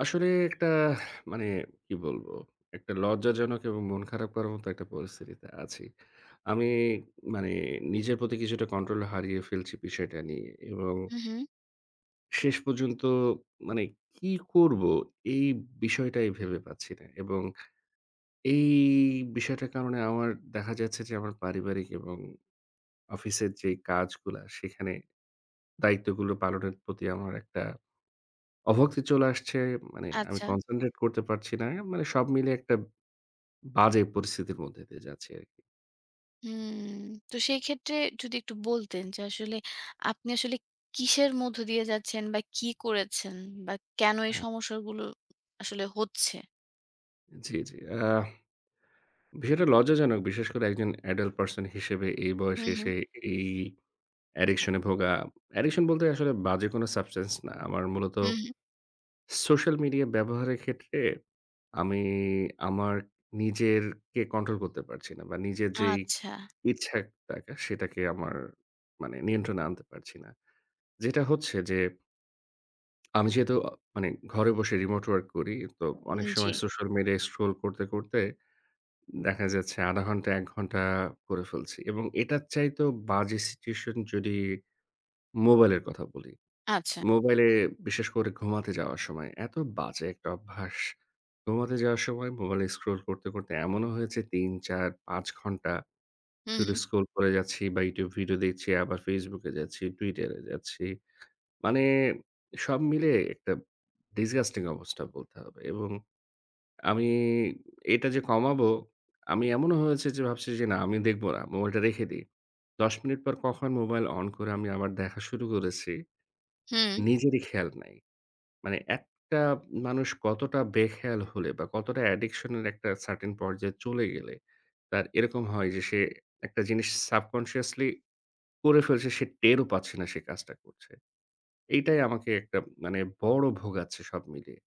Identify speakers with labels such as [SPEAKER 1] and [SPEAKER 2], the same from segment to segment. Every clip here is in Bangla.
[SPEAKER 1] আসলে একটা মানে কি বলব? একটা লজ্জাজনক এবং মন খারাপ করার মত একটা পরিস্থিতিতে আছি। আমি মানে নিজের প্রতি কিছুটা control হারিয়ে ফেলছি বিষয়টা নিয়ে এবং
[SPEAKER 2] হুম, হুম।
[SPEAKER 1] শেষ পর্যন্ত মানে কি করব এই বিষয়টাই ভেবে পাচ্ছি না এবং এই বিষয়টার কারণে আমার দেখা যাচ্ছে যে আমার পারিবারিক এবং অফিসের যে কাজগুলা সেখানে দায়িত্বগুলো পালনের প্রতি আমার একটা অভক্তি চলে আসছে। মানে আমি
[SPEAKER 2] আচ্ছা।
[SPEAKER 1] concentrate করতে পারছি না। মানে সব মিলে একটা বাজে পরিস্থিতির মধ্য দিয়ে যাচ্ছি আরকি।
[SPEAKER 2] হুম, তো সেই ক্ষেত্রে যদি একটু বলতেন যে, আসলে আপনি আসলে কিসের মধ্য দিয়ে যাচ্ছেন বা কি করেছেন বা কেন এই
[SPEAKER 1] হ্যাঁ।
[SPEAKER 2] সমস্যাগুলো আসলে হচ্ছে?
[SPEAKER 1] জি, জি, অ্যাহ বিষয়টা লজ্জাজনক। বিশেষ করে একজন adult person হিসেবে এই বয়সে
[SPEAKER 2] হুম, হুম।
[SPEAKER 1] এসে এই addiction-এ ভোগা। Addiction বলতে আসলে বাজে কোন substance না। আমার মূলত
[SPEAKER 2] হুম, হুম।
[SPEAKER 1] social media ব্যবহারের ক্ষেত্রে আমি আমার নিজেরকে control করতে পারছি না বা নিজের যেই
[SPEAKER 2] আচ্ছা।
[SPEAKER 1] ইচ্ছা একটা সেটাকে আমার মানে নিয়ন্ত্রণে আনতে পারছি না। যেটা হচ্ছে যে আমি যেহেতু আ মানে ঘরে বসে remote work করি তো
[SPEAKER 2] হু,
[SPEAKER 1] অনেক সময়
[SPEAKER 2] জি।
[SPEAKER 1] social media scroll করতে, করতে, দেখা যাচ্ছে ০.৫ ঘণ্টা ১ ঘণ্টা করে ফেলছি এবং এটার চাইতেও বাজে situation যদি মোবাইলের কথা বলি।
[SPEAKER 2] আচ্ছা।
[SPEAKER 1] মোবাইলে বিশেষ করে ঘুমাতে যাওয়ার সময় এত বাজে একটা অভ্যাস। ঘুমাতে যাওয়ার সময় মোবাইলে scroll করতে করতে এমনও হয়েছে ৩, ৪, ৫ ঘণ্টা
[SPEAKER 2] হুম,
[SPEAKER 1] শুধু
[SPEAKER 2] হুম।
[SPEAKER 1] scroll করে যাচ্ছি বা YouTube video দেখছি আবার Facebook-এ যাচ্ছি Twitter-এ যাচ্ছি। মানে সব মিলে একটা disgusting অবস্থা বলতে হবে এবং আমি এটা যে কমাবো আমি এমনও হয়েছে যে ভাবছি যে না আমি দেখব না। মোবাইলটা রেখে দিই। ১০ মিনিট পর কখন মোবাইল on করে আমি আবার দেখা শুরু করেছি
[SPEAKER 2] হুম।
[SPEAKER 1] নিজেরই খেয়াল নাই। মানে একটা মানুষ কতটা বেখেয়াল হলে বা কতটা addiction-এর একটা certain পর্যায়ে চলে গেলে তার এরকম হয় যে সে একটা জিনিস subconsciously করে ফেলছে। সে টেরও পাচ্ছে না সে কাজটা করছে। এইটাই আমাকে একটা মানে বড় ভোগাচ্ছে সব মিলিয়ে।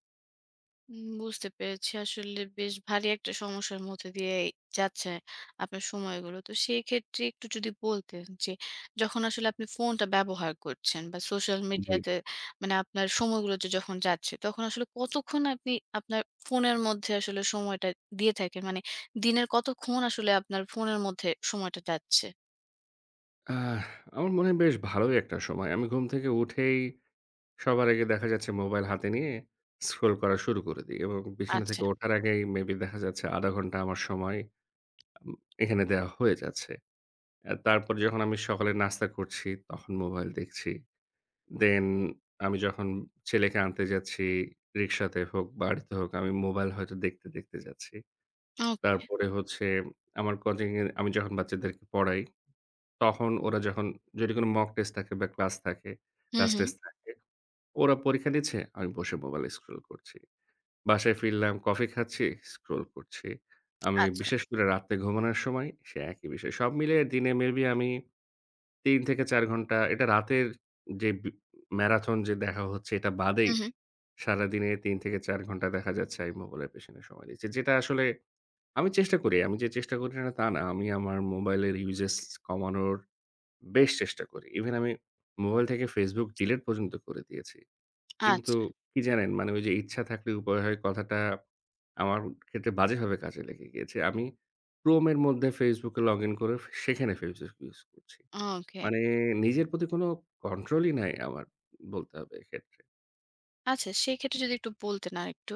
[SPEAKER 2] উম বুঝতে পেরেছি আসলে বেশ ভারী একটা সমস্যার মধ্য দিয়েই যাচ্ছে আপনার সময়গুলো। তো সেই ক্ষেত্রে একটু যদি বলতেন যে, যখন আসলে আপনি ফোনটা ব্যবহার করছেন, বা social media
[SPEAKER 1] জি।
[SPEAKER 2] তে মানে আপনার সময়গুলোতে যখন যাচ্ছে তখন আসলে কতক্ষণ আপনি আপনার ফোনের মধ্যে আসলে সময়টা দিয়ে থাকেন? মানে দিনের কতক্ষণ আসলে আপনার ফোনের মধ্যে সময়টা যাচ্ছে?
[SPEAKER 1] আহ! আমার মনে হয় বেশ ভালোই একটা সময়। আমি ঘুম থেকে উঠেই, সবার আগে দেখা যাচ্ছে মোবাইল হাতে নিয়ে, scroll করা শুরু করে দিই এবং বিছানা
[SPEAKER 2] আচ্ছা।
[SPEAKER 1] থেকে ওঠার আগেই maybe দেখা যাচ্ছে ০.৫০ ঘণ্টা আমার সময় আম এখানে দেওয়া হয়ে যাচ্ছে। অ্যা তারপর যখন আমি সকালে নাস্তা করছি তখন মোবাইল দেখছি। Then আমি যখন ছেলেকে আনতে যাচ্ছি, রিক্সাতে হোক, বাড়িতে হোক, আমি মোবাইল হয়তো দেখতে, দেখতে যাচ্ছি।
[SPEAKER 2] ওকে।
[SPEAKER 1] তারপরে হচ্ছে আমার coaching-এর আমি যখন বাচ্চাদেরকে পড়াই, তখন ওরা যখন যেইটুখানি mock test থাকে বা class থাকে,
[SPEAKER 2] হুম,
[SPEAKER 1] class
[SPEAKER 2] হুম।
[SPEAKER 1] test থাকে, ওরা পরীক্ষা দিচ্ছে আমি বসে mobile এ scroll করছি। বাসায় ফিরলাম কফি খাচ্ছি, scroll করছি। আমি
[SPEAKER 2] আচ্ছা।
[SPEAKER 1] বিশেষ করে রাত্রে ঘুমানোর সময় সে একই বিষয়। সব মিলিয়ে দিনে maybe আমি ৩ থেকে ৪ ঘণ্টা এটা রাতের যে বি marathon যে দেখা হচ্ছে এটা বাদেই,
[SPEAKER 2] উঁ হুম।
[SPEAKER 1] সারাদিনে ৩ থেকে ৪ ঘণ্টা দেখা যাচ্ছে আমি মোবাইলের পেছনে সময় দিচ্ছি। যেটা আসলে, আমি চেষ্টা করি, আমি যে চেষ্টা করি না তা না, আমি আমার মোবাইলের uses কমানোর বেশ চেষ্টা করি। Even আমি মোবাইল থেকে Facebook delete পর্যন্ত করে দিয়েছি। কিন্তু
[SPEAKER 2] আচ্ছা।
[SPEAKER 1] কি জানেন? মানে ওই যে, "ইচ্ছা থাকলে উপায় হয়" কথাটা আমার ক্ষেত্রে বাজেভাবে কাজে লেগে গিয়েছে। আমি Chrome-এর মধ্যে Facebook-এ login করেও সে সেখানে Facebook use করছি।
[SPEAKER 2] ওকে।
[SPEAKER 1] মানে নিজের প্রতি কোন control-ই নাই আমার বলতে হবে এক্ষেত্রে।
[SPEAKER 2] আছে, সেই ক্ষেত্রে যদি একটু বলতেন আর একটু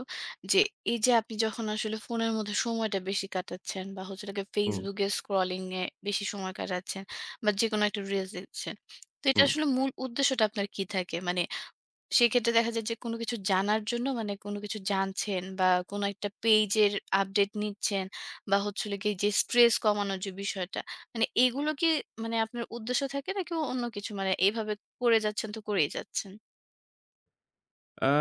[SPEAKER 2] যে এই যে আপনি যখন আসলে ফোনের মধ্যে সময়টা বেশি কাটাচ্ছেন, বা হচ্ছে কি
[SPEAKER 1] হুম।
[SPEAKER 2] Facebook এ scrolling এ বেশি সময় কাটাচ্ছেন, বা যেকোনো একটা reels দেখছেন, তো এটা
[SPEAKER 1] হুম।
[SPEAKER 2] আসলে মূল উদ্দেশ্যটা আপনার কি থাকে? মানে সেই ক্ষেত্রে দেখা যায় যে কোন কিছু জানার জন্য মানে কোন কিছু জানছেন? বা কোন একটা page এর update নিচ্ছেন বা হচ্ছে কি যে stress কমানোর যে বিষয়টা, মানে এইগুলো কি মানে আপনার উদ্দেশ্য থাকে নাকি অন্য কিছু মানে এভাবে করে যাচ্ছেন তো করেই যাচ্ছেন?
[SPEAKER 1] অ্যা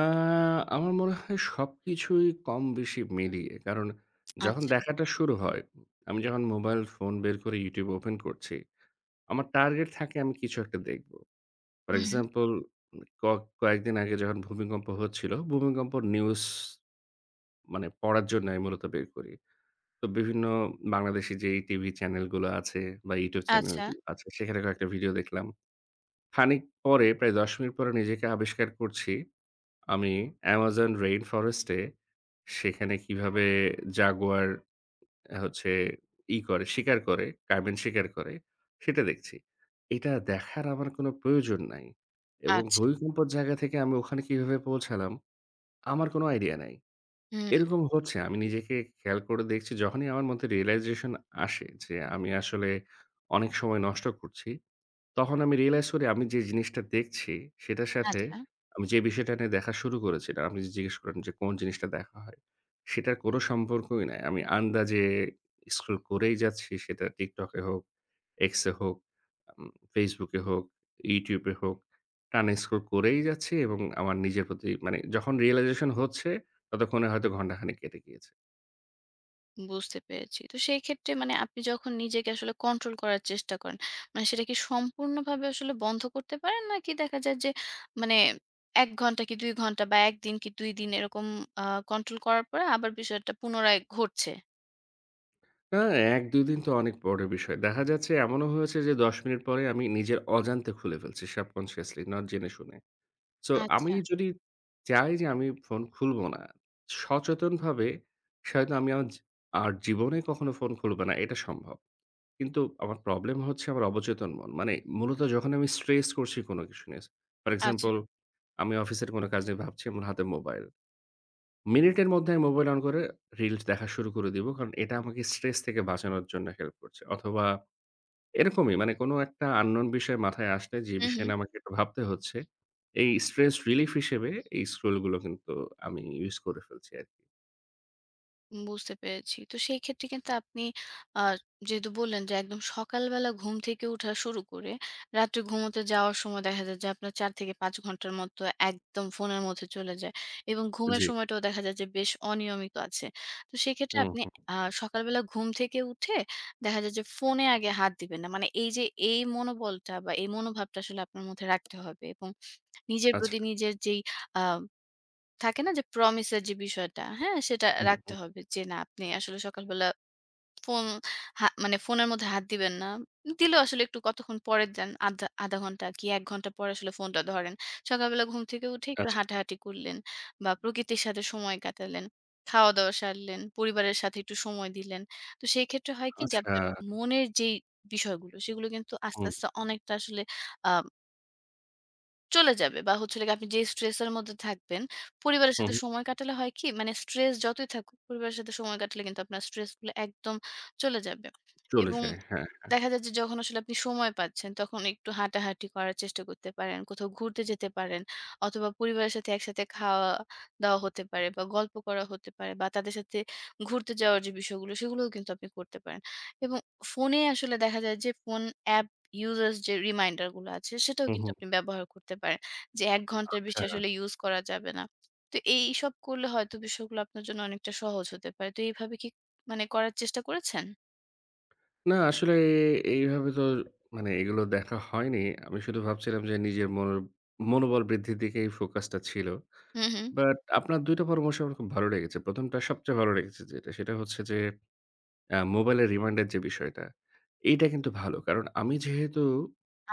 [SPEAKER 1] আমার মনে হয় সবকিছুই কম বেশি মিলিয়ে। কারণ যখন
[SPEAKER 2] আচ্ছা।
[SPEAKER 1] দেখাটা শুরু হয়, আমি যখন মোবাইল ফোন বের করে YouTube open করছি আমার target থাকে আমি কিছু একটা দেখব। For
[SPEAKER 2] hmm, hmm.
[SPEAKER 1] example ক কয়েকদিন আগে যখন ভূমিকম্প হচ্ছিল ভূমিকম্প news মানে পড়ার জন্য আমি মূলত বের করি। তো বিভিন্ন বাংলাদেশি যেই টিভি চ্যানেলগুলো আছে, বা YouTube
[SPEAKER 2] আচ্ছা।
[SPEAKER 1] চ্যানেলগুলো আছে সেখানে কয়েকটা video দেখলাম। খানিক পরে প্রায় ১০ মিনিট পরে নিজেকে আবিষ্কার করছি আমি Amazon rainforest-এ সেখানে কিভাবে Jaguar হচ্ছে, ই করে শিকার করে carben শিকার করে সেটা দেখছি। এটা দেখার আমার কোন প্রয়োজন নাই, এবং
[SPEAKER 2] আচ্ছা।
[SPEAKER 1] ভূমিকম্পের জায়গা থেকে আমি ওখানে কিভাবে পৌঁছালাম আমার কোন idea নাই।
[SPEAKER 2] হুম।
[SPEAKER 1] এরকম হচ্ছে আমি নিজেকে খেয়াল করে দেখছি যখনই আমার মধ্যে realization আসে। যে আমি আসলে অনেক সময় নষ্ট করছি তখন আমি realize করি আমি যে জিনিসটা দেখছি, সেটার সাথে
[SPEAKER 2] আচ্ছা।
[SPEAKER 1] আমি যে বিষয়টা নিয়ে দেখা শুরু করেছিলাম, যে জিজ্ঞেস করলেন যে কোন জিনিসটা দেখা হয়? সেটার কোন সম্পর্কই নাই। আমি আন্দাজে scroll করেই যাচ্ছি সেটা TikTok-এ হোক, X-এ হোক আম Facebook-এ হোক, YouTube-এ হোক টানা scroll করেই যাচ্ছি এবং আমার নিজের প্রতি মানে যখন realization হচ্ছে ততক্ষণে হয়তো ঘণ্টাখানেক কেটে গিয়েছে।
[SPEAKER 2] বুঝতে পেরেছি। তো সেইক্ষেত্রে মানে আপনি যখন নিজেকে আসলে control করার চেষ্টা করেন, মানে সেটা কি সম্পূর্ণভাবে আসলে বন্ধ করতে পারেন? নাকি দেখা যায় যে মানে ১ ঘণ্টা কি ২ ঘণ্টা বা ১ দিন কি ২ দিন এরকম অ্যা control করার পরে আবার বিষয়টা পুনরায় ঘটছে?
[SPEAKER 1] হ্যাঁ, ১-২ দিন তো অনেক পরের বিষয়। দেখা যাচ্ছে এমনও হয়েছে যে ১০ মিনিট পরে আমি নিজের অজান্তে খুলে ফেলছি subconsciously, নট জেনে শুনে। So আমি
[SPEAKER 2] আচ্ছা।
[SPEAKER 1] যদি চাই যে আমি ফোন খুলবো না সচেতনভাবে, হয়তো আমি আর আর জীবনে কখনো ফোন খুলবো না এটা সম্ভব। কিন্তু আমার problem হচ্ছে আমার অবচেতন মন। মানে মূলত যখন আমি stress করছি কোনো কিছু নিয়ে, for
[SPEAKER 2] আচ্ছা।
[SPEAKER 1] example আমি অফিসের কোনো কাজ নিয়ে ভাবছি এবং হাতে মোবাইল। মিনিটের মধ্যে আমি মোবাইল on করে reels দেখা শুরু করে দিবো, কারণ এটা আমাকে stress থেকে বাঁচানোর জন্য help করছে। অথবা এরকমই মানে কোনো একটা unknown বিষয় মাথায় আসছে, যে
[SPEAKER 2] হুম,
[SPEAKER 1] বিষয়
[SPEAKER 2] হুম।
[SPEAKER 1] নিয়ে আমাকে একটু ভাবতে হচ্ছে, এই stress relief হিসেবে এই scroll গুলো কিন্তু আমি use করে ফেলছি আরকি।
[SPEAKER 2] বুঝতে পেরেছি। তো সেইক্ষেত্রে কিন্তু আপনি, আ যেহেতু বললেন যে, একদম সকালবেলা ঘুম থেকে ওঠা শুরু করে রাত্রে ঘুমোতে যাওয়ার সময় দেখা যায় যে আপনার ৪ থেকে ৫ ঘণ্টার মতো একদম ফোনের মধ্যে চলে যায়, এবং ঘুমের
[SPEAKER 1] জ্বি।
[SPEAKER 2] সময়টাও দেখা যায় যে বেশ অনিয়মিত আছে। তো সেইক্ষেত্রে
[SPEAKER 1] হুম,
[SPEAKER 2] আপনি,
[SPEAKER 1] হুম।
[SPEAKER 2] আ সকালবেলা ঘুম থেকে উঠে দেখা যায় যে ফোনে আগে হাত দিবেন না। মানে এই যে এই মনোবলটা বা এই মনোভাবটা আসলে আপনার মধ্যে রাখতে হবে এবং নিজের
[SPEAKER 1] আচ্ছা।
[SPEAKER 2] প্রতি নিজের যেই, আ থাকে না যে promise-এর যে বিষয়টা, হ্যাঁ? সেটা
[SPEAKER 1] হুম,
[SPEAKER 2] রাখতে
[SPEAKER 1] হু।
[SPEAKER 2] হবে যে না আপনি আসলে সকালবেলা ফোন, হা মানে ফোনের মধ্যে হাত দিবেন না। দিলেও আসলে একটু কতক্ষণ পরে দেন, আধধা ০.৫ ঘণ্টা কি ১ ঘণ্টা পরে আসলে ফোনটা ধরেন। সকালবেলা ঘুম থেকে উঠে একটু
[SPEAKER 1] আচ্ছা।
[SPEAKER 2] হাঁটাহাঁটি করলেন, বা প্রকৃতির সাথে সময় কাটালেন, খাওয়া-দাওয়া সারলেন, পরিবারের সাথে একটু সময় দিলেন। তো সেইক্ষেত্রে হয় কি যে,
[SPEAKER 1] আচ্ছা।
[SPEAKER 2] আপনার মনের যেই বিষয়গুলো সেগুলো কিন্তু আস্তে,
[SPEAKER 1] হুম।
[SPEAKER 2] আস্তে, অনেকটা আসলে, অ্যাম চলে যাবে বা হচ্ছে হল গিয়ে যে আপনি যেই stress-এর মধ্যে থাকবেন, পরিবারের
[SPEAKER 1] হু,
[SPEAKER 2] সাথে
[SPEAKER 1] হুম।
[SPEAKER 2] সময় কাটালে হয় কি মানে stress যতই থাকুক, পরিবারের সাথে সময় কাটালে কিন্তু আপনার stressগুলো একদম চলে যাবে এবং
[SPEAKER 1] চলেছে? হ্যাঁ, হ্যাঁ।
[SPEAKER 2] দেখা যায় যে যখন আসলে আপনি সময় পাচ্ছেন তখন একটু হাঁটাহাঁটি করার চেষ্টা করতে পারেন, কোথাও ঘুরতে যেতে পারেন অথবা পরিবারের সাথে একসাথে খাওয়া-দাওয়া হতে পারে বা গল্প করা হতে পারে বা তাদের সাথে ঘুরতে যাওয়ার যে বিষয়গুলো সেগুলোও কিন্তু আপনি করতে পারেন এবং ফোনে আসলে দেখা যায় যে ফোন app users যে reminder-গুলা আছে সেটাও
[SPEAKER 1] হুম,
[SPEAKER 2] কিন্তু
[SPEAKER 1] হুম।
[SPEAKER 2] আপনি ব্যবহার করতে পারেন। যে ১ ঘণ্টার বেশি
[SPEAKER 1] আচ্ছা।
[SPEAKER 2] আসলে use করা যাবে না। তো এই এইসব করলে হয়তো বিষয়গুলো আপনার জন্য অনেকটা সহজ হতে পারে। তো এভাবে কি মানে করার চেষ্টা করেছেন?
[SPEAKER 1] না আসলে এ এইভাবে তো মানে এগুলো দেখা হয়নি। আমি শুধু ভাবছিলাম যে নিজের মন মনোবল বৃদ্ধির দিকে এই focus টা ছিল।
[SPEAKER 2] হুম, হুম।
[SPEAKER 1] But আপনার ২ টা পরামর্শ আমার খুব ভালো লেগেছে। ১ম টা সবচেয়ে ভালো লেগেছে যেটা সেটা হচ্ছে যে, এ্যা মোবাইলের reminder যে বিষয়টা, এইটা কিন্তু ভালো। কারণ আমি যেহেতু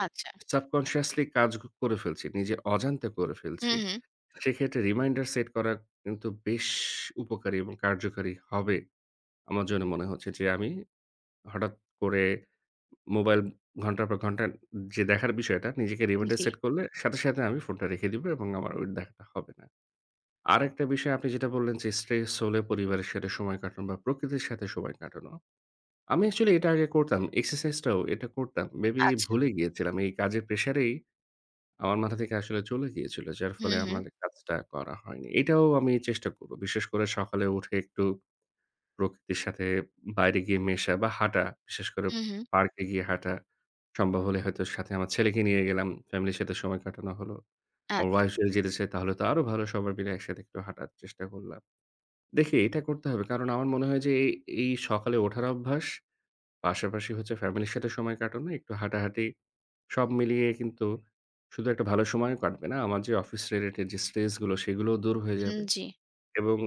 [SPEAKER 2] আচ্ছা।
[SPEAKER 1] subconsciously কাজ করে ফেলছি, নিজে অজান্তে করে
[SPEAKER 2] হুম,
[SPEAKER 1] ফেলছি,
[SPEAKER 2] হুম।
[SPEAKER 1] সেক্ষেত্রে reminder set করা কিন্তু বেশ উপকারী এবং কার্যকরী হবে। আমার জন্য মনে হচ্ছে যে, আমি হঠাৎ করে মোবাইল ঘণ্টার পর ঘণ্টা যে দেখার বিষয়টা নিজেকে reminder
[SPEAKER 2] জি।
[SPEAKER 1] set করলে সাথে, সাথে, আমি ফোনটা রেখে দিব এবং আমার ওই দেখাটা হবে না। আরেকটা বিষয় আপনি যেটা বললেন যে stress হলে পরিবারের সাথে সময় কাটানো বা প্রকৃতির সাথে সময় কাটানো। আমি actually এটা আগে করতাম, exercise টাও এটা করতাম। Maybe
[SPEAKER 2] আচ্ছা।
[SPEAKER 1] ভুলে গিয়েছিলাম এই কাজের pressure এই আমার মাথা থেকে আসলে চলে গিয়েছিল। যার
[SPEAKER 2] হুম,
[SPEAKER 1] ফলে
[SPEAKER 2] হুম।
[SPEAKER 1] আমার কাজটা করা হয়নি, এটাও আমি চেষ্টা করব। বিশেষ করে সকালে উঠে একটু প্রকৃতির সাথে বাইরে গিয়ে মেশা বা হাঁটা, বিশেষ করে
[SPEAKER 2] হুম, হুম।
[SPEAKER 1] পার্কে গিয়ে হাঁটা। সম্ভব হলে হয়তো সাথে আমার ছেলেকে নিয়ে গেলাম, family 'র সাথে সময় কাটানো হলো। আমার
[SPEAKER 2] আচ্ছা।
[SPEAKER 1] wife যদি যেতে চাই তাহলে তো আরও ভালো। সবাই মিলে একসাথে একটু হাঁটার চেষ্টা করলাম। দেখি এটা করতে হবে। কারণ আমার মনে হয় যে এ এই সকালে ওঠার অভ্যাস, পাশাপাশি হচ্ছে family-র সাথে সময় কাটানো, একটু হাঁটাহাঁটি সব মিলিয়ে কিন্তু শুধু একটা ভালো সময় কাটবে না, আমার যে office related যে stress গুলো সেগুলোও দূর হয়ে
[SPEAKER 2] হুম।
[SPEAKER 1] যাবে
[SPEAKER 2] জি।
[SPEAKER 1] এবং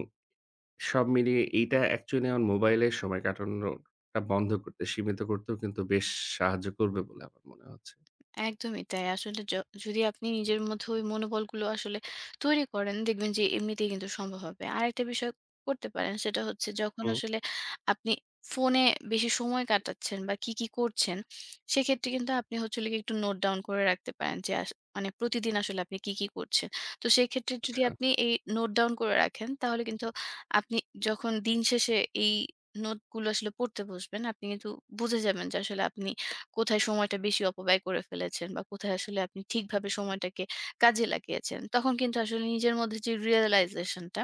[SPEAKER 1] সব মিলিয়ে এইটা actually আমার মোবাইলে সময় কাটানোটা বন্ধ করতে, সীমিত করতেও কিন্তু বেশ সাহায্য করবে বলে আমার মনে হচ্ছে।
[SPEAKER 2] একদমই তাই। আসলে য যদি আপনি নিজের মধ্যে ওই মনোবলগুলো আসলে তৈরি করেন দেখবেন যে এমনিতেই কিন্তু সম্ভব হবে। আরেকটা বিষয় করতে পারেন সেটা হচ্ছে যখন
[SPEAKER 1] হুম।
[SPEAKER 2] আসলে আপনি ফোনে বেশি সময় কাটাচ্ছেন বা কি, কি, করছেন সেক্ষেত্রে কিন্তু আপনি হচ্ছে যে একটু note down করে রাখতে পারেন যে আস মানে প্রতিদিন আসলে আপনি কি, কি করছেন। তো সেক্ষেত্রে যদি
[SPEAKER 1] আচ্ছা।
[SPEAKER 2] আপনি এই note down করে রাখেন তাহলে কিন্তু আপনি যখন দিনশেষে এই নোটগুলো আসলে পড়তে বসবেন আপনি কিন্তু বুঝে যাবেন যে আসলে আপনি কোথায় সময়টা বেশি অপব্যয় করে ফেলেছেন বা কোথায় আসলে আপনি ঠিকভাবে সময়টাকে কাজে লাগিয়েছেন? তখন কিন্তু আসলে নিজের মধ্যে যে realization-টা,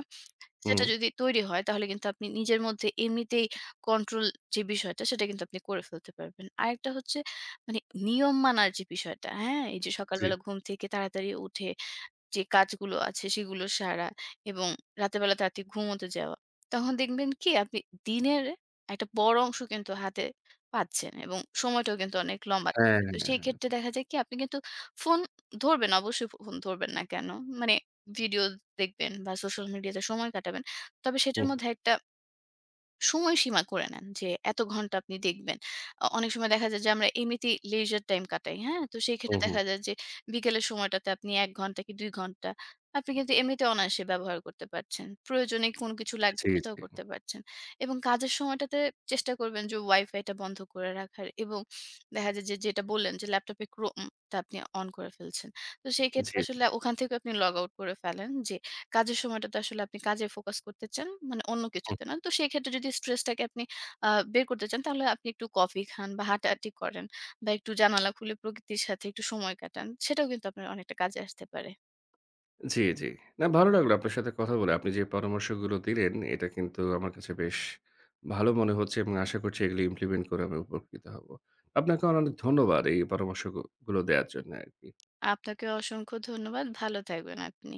[SPEAKER 2] সেটা
[SPEAKER 1] হুম।
[SPEAKER 2] যদি তৈরি হয় তাহলে কিন্তু আপনি নিজের মধ্যে এমনিতেই control যে বিষয়টা সেটা কিন্তু আপনি করে ফেলতে পারবেন। আরেকটা হচ্ছে মানে নিয়ম মানার যে বিষয়টা, হ্যাঁ? এই যে
[SPEAKER 1] জি।
[SPEAKER 2] সকালবেলা ঘুম থেকে তাড়াতাড়ি উঠে যে কাজগুলো আছে সেগুলো সারা এবং রাতেরবেলা তাড়াতাড়ি ঘুমোতে যাওয়া। তখন দেখবেন কি আপনি দিনের একটা বড় অংশ কিন্তু হাতে পাচ্ছেন এবং সময়টাও কিন্তু অনেক লম্বা
[SPEAKER 1] হ্যাঁ,
[SPEAKER 2] তো
[SPEAKER 1] হ্যাঁ।
[SPEAKER 2] সেক্ষেত্রে দেখা যায় কি আপনি কিন্তু ফোন ধরবেন অবশ্যই, ফোন ধরবেন না কেন? মানে ভিডিও দেখবেন বা social media-তে সময় কাটাবেন। তবে সেটার
[SPEAKER 1] হুম।
[SPEAKER 2] মধ্যে একটা সময়সীমা করে নেন যে এত ঘণ্টা আপনি দেখবেন। অ অনেক সময় দেখা যায় যে আমরা এমনিতেই leisure time কাটাই, হ্যাঁ? তো সেক্ষেত্রে
[SPEAKER 1] হুম, হুম।
[SPEAKER 2] দেখা যায় যে বিকেলের সময়টাতে আপনি ১ ঘণ্টা কি ২ ঘণ্টা আপনি কিন্তু এমনিতেও অনায়াসে ব্যবহার করতে পারছেন। প্রয়োজনীয় কোন কিছু লাগবে
[SPEAKER 1] জি, জি।
[SPEAKER 2] সেটাও করতে পারছেন এবং কাজের সময়টাতে চেষ্টা করবেন যে Wi-Fi-টা বন্ধ করে রাখার এবং দেখা যায় যে যেটা বললেন যে ল্যাপটপে Chrome টা আপনি on করে ফেলছেন। তো সেক্ষেত্রে
[SPEAKER 1] জি, জি।
[SPEAKER 2] আসলে ওখান থেকেও আপনি log out করে ফেলেন। যে কাজের সময়টাতে আসলে আপনি কাজে focus করতে চান, মানে অন্য
[SPEAKER 1] হুম।
[SPEAKER 2] কিছুতে না। তো সেক্ষেত্রে যদি stress-টাকে আপনি, আ বের করতে চান তাহলে আপনি একটু coffee খান বা হাঁটাহাঁটি করেন বা একটু জানালা খুলে প্রকৃতির সাথে একটু সময় কাটান। সেটাও কিন্তু আপনার অনেকটা কাজে আসতে পারে।
[SPEAKER 1] জি, জি। না ভালো লাগলো আপনার সাথে কথা বলে। আপনি যে পরামর্শগুলো দিলেন এটা কিন্তু আমার কাছে বেশ ভালো মনে হচ্ছে এবং আশা করছি এগুলো implement করে আমি উপকৃত হব। আপনাকে [unintelligible] অনেক ধন্যবাদ এই পরামর্শ গউ গুলো দেয়ার জন্য আরকি।
[SPEAKER 2] আপনাকেও অসংখ্য ধন্যবাদ। ভালো থাকবেন আপনি।